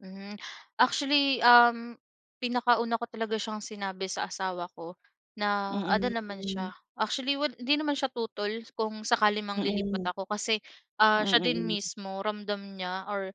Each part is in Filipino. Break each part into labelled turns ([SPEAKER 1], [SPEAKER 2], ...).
[SPEAKER 1] Hmm. Actually, um, pinakauna ko talaga siyang sinabi sa asawa ko. Naano
[SPEAKER 2] Mm,
[SPEAKER 1] naman
[SPEAKER 2] hmm.
[SPEAKER 1] siya, actually wad hindi naman siya tutol kung sakali mang lilipat
[SPEAKER 2] Mm.
[SPEAKER 1] ako kasi,
[SPEAKER 2] Hmm,
[SPEAKER 1] ah, siya din
[SPEAKER 2] mm.
[SPEAKER 1] mismo ramdam niya or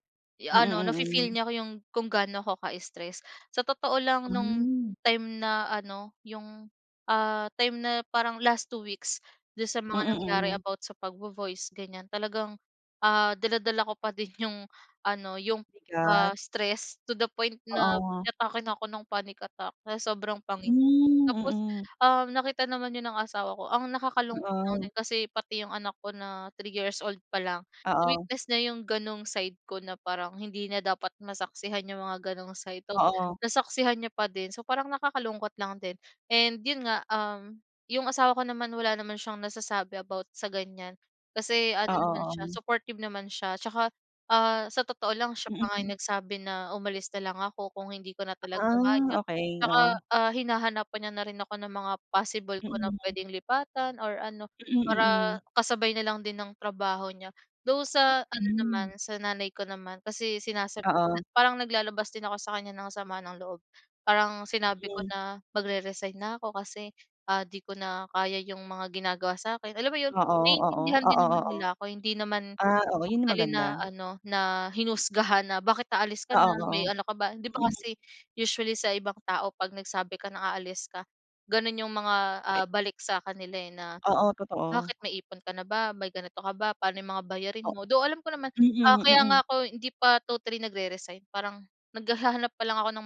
[SPEAKER 2] Mm,
[SPEAKER 1] ano, nafi-feel
[SPEAKER 2] mm.
[SPEAKER 1] niya yung kung ga'no ako ka-stress. Sa totoo lang, no'ng
[SPEAKER 2] Hmm.
[SPEAKER 1] time na ano, yung, ah, time na parang last 2 weeks do'n sa mga
[SPEAKER 2] Mm,
[SPEAKER 1] nangyari
[SPEAKER 2] mm.
[SPEAKER 1] about sa pagvo-voice ganiyan, talagang, ah, dala-dala ko pa din yung ano, yung,
[SPEAKER 2] Bigat.
[SPEAKER 1] ah, stress, to the point na
[SPEAKER 2] Oo.
[SPEAKER 1] inatake na ako ng panic attack, sa sobrang pangi
[SPEAKER 2] Hmm,
[SPEAKER 1] tapos,
[SPEAKER 2] mm.
[SPEAKER 1] um, nakita naman 'yon ng asawa ko. Ang nakakalungkot lang
[SPEAKER 2] Oo.
[SPEAKER 1] din, kasi pati yung anak ko na 3 years old pa lang,
[SPEAKER 2] Oo.
[SPEAKER 1] na-witness niya yung gano'ng side ko na parang hindi na dapat masaksihan yung mga gano'ng side, though
[SPEAKER 2] Oo.
[SPEAKER 1] nasaksihan niya pa din, so parang nakakalungkot lang din. And 'yon nga, um, yung asawa ko naman, wala naman siyang nasasabi about sa ganiyan, kasi ano naman
[SPEAKER 2] Oo,
[SPEAKER 1] siya,
[SPEAKER 2] oo.
[SPEAKER 1] supportive naman siya tsaka, ah, sa totoo lang, siya pa nga yung
[SPEAKER 2] Mm.
[SPEAKER 1] nagsabi na umalis na lang ako kung hindi ko na talaga
[SPEAKER 2] Ah,
[SPEAKER 1] kaya.
[SPEAKER 2] okey,
[SPEAKER 1] Tsaka,
[SPEAKER 2] oo.
[SPEAKER 1] ah, hinahanapan niya na rin ako ng mga possible ko na
[SPEAKER 2] Mm.
[SPEAKER 1] puwedeng lipatan or ano,
[SPEAKER 2] Mm,
[SPEAKER 1] para
[SPEAKER 2] mm.
[SPEAKER 1] kasabay na lang din ng trabaho niya. Though sa ano naman,
[SPEAKER 2] Hmm.
[SPEAKER 1] sa nanay ko naman, kasi sinasabi niya,
[SPEAKER 2] Oo.
[SPEAKER 1] parang naglalabas din ako sa kanya ng sama ng loob. Parang sinabi ko
[SPEAKER 2] Hmm.
[SPEAKER 1] na magreresign na ako kasi, ah, 'di ko na kaya yung mga ginagawa sa'kin. Alam mo'yon,
[SPEAKER 2] Oo, oo,
[SPEAKER 1] naiintindihan din
[SPEAKER 2] oo,
[SPEAKER 1] naman
[SPEAKER 2] oo.
[SPEAKER 1] nila ako. Hindi naman
[SPEAKER 2] Ah, oo. 'Yon ang
[SPEAKER 1] totally na
[SPEAKER 2] maganda.
[SPEAKER 1] ano, na hinusgahan na, "Bakit aalis ka
[SPEAKER 2] Oo,
[SPEAKER 1] na? May
[SPEAKER 2] oo.
[SPEAKER 1] ano ka ba?" 'Di ba
[SPEAKER 2] Hmm.
[SPEAKER 1] kasi usually sa ibang tao 'pag nagsabi ka na aalis ka, gano'n yung mga,
[SPEAKER 2] Pe
[SPEAKER 1] ah, balik sa kanila, eh, na,
[SPEAKER 2] Oo,
[SPEAKER 1] "Bakit
[SPEAKER 2] totoo.
[SPEAKER 1] may ipon ka na ba? May ganito ka ba? Pa'no yung mga bayarin
[SPEAKER 2] O
[SPEAKER 1] mo?" Though, alam ko naman. Ah,
[SPEAKER 2] mm,
[SPEAKER 1] kaya nga
[SPEAKER 2] mm.
[SPEAKER 1] ako hindi pa totally nagreresign, parang naghahanap pa lang ako ng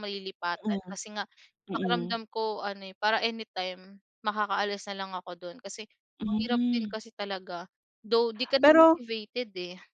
[SPEAKER 2] Mm,
[SPEAKER 1] malilipatan, kasi nga
[SPEAKER 2] mm.
[SPEAKER 1] pakiramdam ko ano, eh, para anytime makakaalis na lang ako do'n. Kasi mahirap din
[SPEAKER 2] Hmm.
[SPEAKER 1] kasi talaga, though 'di ka na
[SPEAKER 2] Pero
[SPEAKER 1] motivated, eh.